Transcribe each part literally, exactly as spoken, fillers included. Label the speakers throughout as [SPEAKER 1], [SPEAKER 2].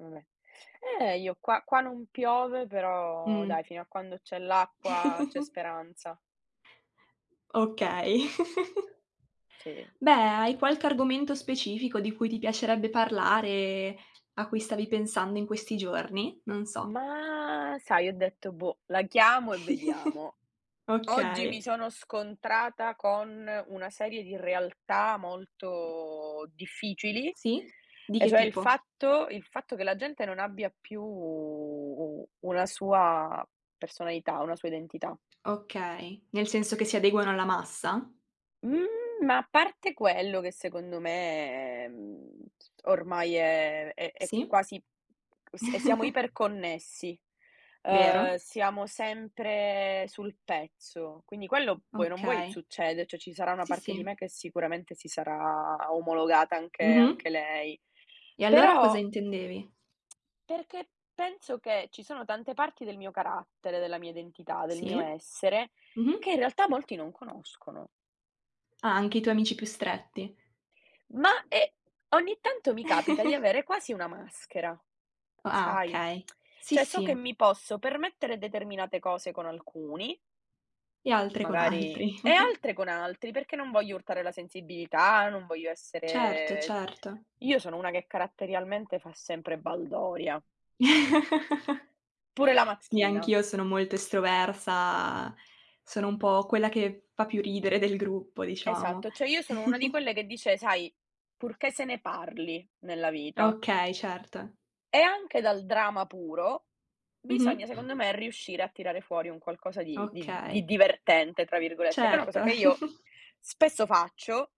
[SPEAKER 1] Vabbè, eh io qua qua non piove, però dai
[SPEAKER 2] Mh.
[SPEAKER 1] fino a quando c'è l'acqua c'è speranza.
[SPEAKER 2] Okay.
[SPEAKER 1] Sì.
[SPEAKER 2] Beh, hai qualche argomento specifico di cui ti piacerebbe parlare, a cui stavi pensando in questi giorni? Non so.
[SPEAKER 1] Ma sai ho detto: "Boh, la chiamo e vediamo." Oggi
[SPEAKER 2] Okay.
[SPEAKER 1] mi sono scontrata con una serie di realtà molto difficili
[SPEAKER 2] Sì? Di
[SPEAKER 1] e
[SPEAKER 2] che
[SPEAKER 1] cioè il
[SPEAKER 2] tipo?
[SPEAKER 1] fatto il fatto che la gente non abbia più u una sua personalità, una sua identità.
[SPEAKER 2] Okay, nel senso che si adeguano alla massa?
[SPEAKER 1] Mhmm, ma a parte quello che secondo me, mhmm, ormai è è è
[SPEAKER 2] Sì.
[SPEAKER 1] quasi e s e siamo iperconnessi, ehm,
[SPEAKER 2] Vero.
[SPEAKER 1] siamo sempre sul pezzo, quindi quello vuoi o non vuoi
[SPEAKER 2] Okay.
[SPEAKER 1] succede, ceh ci sarà una
[SPEAKER 2] Sì,
[SPEAKER 1] parte di
[SPEAKER 2] sì.
[SPEAKER 1] me che sicuramente si sarà omologata anche
[SPEAKER 2] Mh-mh.
[SPEAKER 1] anche lei.
[SPEAKER 2] E allora cosa
[SPEAKER 1] Però
[SPEAKER 2] intendevi?
[SPEAKER 1] Perché penso che ci sono tante parti del mio carattere, della mia identità, del mio
[SPEAKER 2] Sì,
[SPEAKER 1] essere che
[SPEAKER 2] mh-mh.
[SPEAKER 1] in realtà molti non conoscono.
[SPEAKER 2] Ah anche i tuoi amici più stretti.
[SPEAKER 1] Ma e ogni tanto mi capita di avere quasi una maschera,
[SPEAKER 2] O ah
[SPEAKER 1] sai,
[SPEAKER 2] okay. Sì.
[SPEAKER 1] ceh, so che
[SPEAKER 2] sì.
[SPEAKER 1] mi posso permettere determinate cose con alcuni
[SPEAKER 2] E altre con
[SPEAKER 1] magari
[SPEAKER 2] altri.
[SPEAKER 1] e altre con altri. Perché non voglio urtare la sensibilità, non voglio
[SPEAKER 2] Certo,
[SPEAKER 1] essere
[SPEAKER 2] certo.
[SPEAKER 1] io sono una che caratterialmente fa sempre baldoria. Pure la
[SPEAKER 2] Sì
[SPEAKER 1] mattina.
[SPEAKER 2] anch'io sono molto estroversa, sono un po' quella che fa più ridere del gruppo diciamo.
[SPEAKER 1] Esatto, ceh, io sono una di quelle che dice: "Sai purché se ne parli nella vita."
[SPEAKER 2] Okay, certo.
[SPEAKER 1] E anche dal drama puro bisogna secondo
[SPEAKER 2] Mh-mh.
[SPEAKER 1] me riuscire a tirare fuori un qualcosa di di di
[SPEAKER 2] Okay.
[SPEAKER 1] "divertente" tra virgolette che è una cosa
[SPEAKER 2] Certo.
[SPEAKER 1] che io spesso faccio,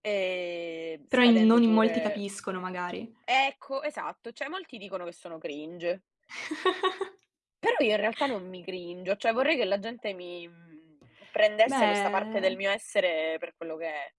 [SPEAKER 1] ehm,
[SPEAKER 2] Però in
[SPEAKER 1] scadendo
[SPEAKER 2] non in molti
[SPEAKER 1] pure
[SPEAKER 2] capiscono magari.
[SPEAKER 1] ecco, esatto, ceh, molti dicono che sono cringe. Però io in realtà non mi cringio, ceh, vorrei che la gente mi, mhmm, prendesse questa parte del
[SPEAKER 2] Beh.
[SPEAKER 1] mio essere per quello che è.